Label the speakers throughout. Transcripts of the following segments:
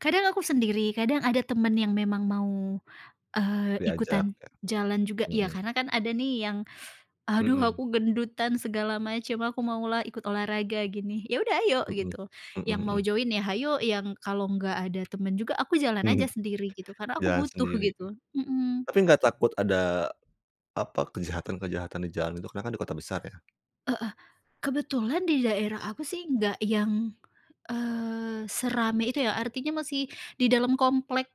Speaker 1: Kadang aku sendiri, kadang ada teman yang memang mau, eee,
Speaker 2: Diajak,
Speaker 1: ikutan
Speaker 2: kayak
Speaker 1: jalan juga. Iya
Speaker 2: mhm.
Speaker 1: karena kan ada nih yang "Aduh
Speaker 2: Mhm.
Speaker 1: aku gendutan" segala macam. "Aku mau lah ikut olahraga" gini. "Iya sudah ayo"
Speaker 2: Mhm,
Speaker 1: gitu.
Speaker 2: mhm
Speaker 1: Yang mau
Speaker 2: mhm.
Speaker 1: join ya hayo, yang kalau enggak ada teman juga aku jalan saja sendiri, gitu. Karena aku
Speaker 2: Jalan
Speaker 1: butuh
Speaker 2: sendiri.
Speaker 1: gitu, mhm.
Speaker 2: Tapi enggak takut ada, apa, kejahatan-kejahatan di jalan itu, karena kan di kota besar ya?
Speaker 1: Heeh. Kebetulan di daerah aku sih nggak yang, eee, serame itu ya. Artinya masih di dalam komplek,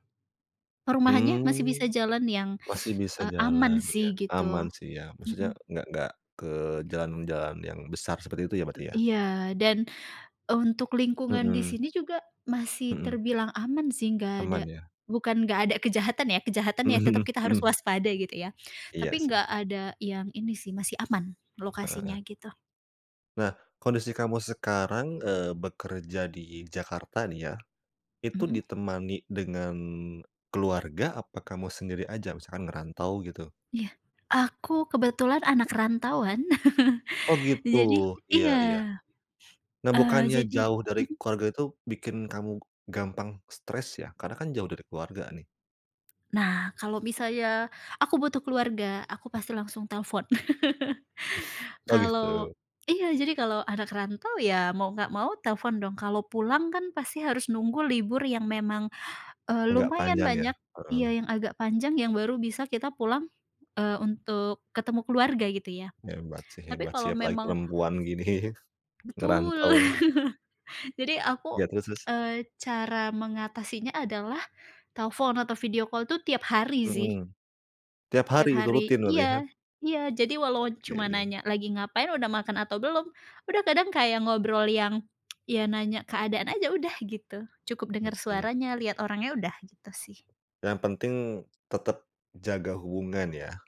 Speaker 1: perumahannya masih bisa
Speaker 2: Mmm,
Speaker 1: jalan yang,
Speaker 2: masih bisa
Speaker 1: eee,
Speaker 2: jalan,
Speaker 1: aman
Speaker 2: iya.
Speaker 1: sih,
Speaker 2: Aman
Speaker 1: gitu.
Speaker 2: sih, iya. Maksudnya
Speaker 1: Mhm.
Speaker 2: nggak nggak ke jalan-jalan yang besar seperti itu ya,
Speaker 1: E
Speaker 2: berarti ya?
Speaker 1: iya, dan untuk lingkungan di
Speaker 2: Mhm.
Speaker 1: sini juga masih
Speaker 2: Mhm.
Speaker 1: terbilang aman sih nggak ada
Speaker 2: Aman ya?
Speaker 1: bukan nggak ada kejahatan ya, kejahatan ya tetap
Speaker 2: Mhm
Speaker 1: kita harus
Speaker 2: mhm.
Speaker 1: waspada, gitu ya. Tapi
Speaker 2: Iya sih.
Speaker 1: enggak ada yang ini sih, masih aman,
Speaker 2: Heeh heeh.
Speaker 1: lokasinya gitu.
Speaker 2: Nah, kondisi kamu sekarang, eee, bekerja di Jakarta nih ya. Itu
Speaker 1: Mhm.
Speaker 2: ditemani dengan keluarga, apa kamu sendiri aja? Misalkan ngerantau gitu?
Speaker 1: Iya. Aku kebetulan anak rantauan,
Speaker 2: Oh gitu.
Speaker 1: jadi
Speaker 2: Iya
Speaker 1: iya,
Speaker 2: iya. Nah
Speaker 1: eee,
Speaker 2: bukannya
Speaker 1: jadi
Speaker 2: jauh dari
Speaker 1: mhm.
Speaker 2: keluarga itu bikin kamu gampang stres ya, karena kan jauh dari keluarga nih?
Speaker 1: Nah, kalau misalnya aku butuh keluarga, aku pasti langsung telepon.
Speaker 2: Oh
Speaker 1: Kalau
Speaker 2: gitu.
Speaker 1: iya, jadi kalau anak rantau, ya, mau enggak mau telepon dong. Kalau pulang kan pasti harus nunggu libur yang memang, eee,
Speaker 2: Agak
Speaker 1: lumayan
Speaker 2: panjang ya?
Speaker 1: banyak. Iya,
Speaker 2: Heeh.
Speaker 1: yang agak panjang yang baru bisa kita pulang, eee, untuk ketemu keluarga gitu ya.
Speaker 2: Hebat sih
Speaker 1: Tapi
Speaker 2: hebat sih.
Speaker 1: kalau
Speaker 2: Apalagi
Speaker 1: memang
Speaker 2: perempuan gini, ngerantau
Speaker 1: betul!
Speaker 2: ya?
Speaker 1: Jadi aku,
Speaker 2: Iya terus terus?
Speaker 1: eee, cara mengatasinya adalah telepon atau video call itu tiap hari sih.
Speaker 2: Mhm. Tiap
Speaker 1: Tiap
Speaker 2: hari itu rutin
Speaker 1: hari
Speaker 2: berarti hah?
Speaker 1: iya, iya. Jadi walau cuma
Speaker 2: Oke.
Speaker 1: nanya lagi ngapain, sudah makan atau belum, sudah kadang kayak ngobrol yang iya nanya keadaan saja udah, gitu. Cukup dengar
Speaker 2: Oke.
Speaker 1: suaranya, lihat orangnya sudah, gitu sih.
Speaker 2: Yang penting tetap jaga hubungan ya?